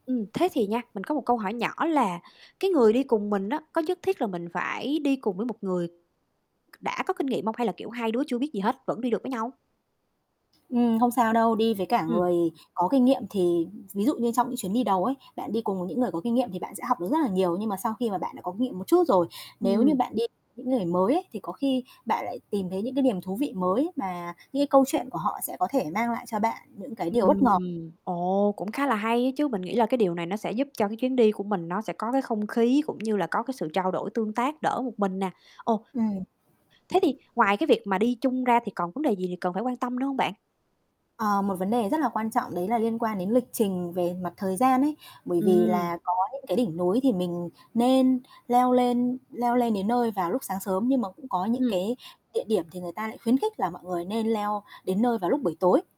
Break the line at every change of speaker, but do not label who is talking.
Ừm, thế thì nha, mình có một câu hỏi nhỏ là, cái người đi cùng mình á có nhất thiết là mình phải đi cùng với một người c đã có kinh nghiệm hông, hay là, kiểu, 2 đứa chưa biết gì hết, vẫn đi được với nhau?
Ừm, không sao đâu, đi với cả
Ừm.
người có kinh nghiệm thì ví dụ như trong những chuyến đi đầu ấy, bạn đi cùng với những người có kinh nghiệm thì bạn sẽ học được rất là nhiều. Nhưng mà sau khi mà bạn đã có kinh nghiệm một chút rồi, nếu như
Ừm.
bạn đi những người mới ấy thì có khi bạn lại tìm thấy những cái niềm thú vị mới mà những cái câu chuyện của họ sẽ có thể mang lại cho bạn những cái điều
Ừm,
bất ngờ.
ồ, cũng khá là hay á chứ, mình nghĩ là cái điều này nó sẽ giúp cho cái chuyến đi của mình nó sẽ có cái không khí, cũng như là có cái sự trao đổi tương tác đỡ một mình nè. Ồ.
Ừm.
Thế thì ngoài cái việc mà đi chung ra thì còn vấn đề gì gì cần phải quan tâm nữa hông bạn?
Ờ, một vấn đề rất là quan trọng đấy là liên quan đến lịch trình về mặt thời gian ấy, bởi vì
Ừm.
là có những cái đỉnh núi thì mình nên leo lên leo lên đến nơi vào lúc sáng sớm, nhưng mà cũng có những
Ừm.
cái địa điểm thì người ta lại khuyến khích là mọi người nên leo đến nơi vào lúc buổi tối.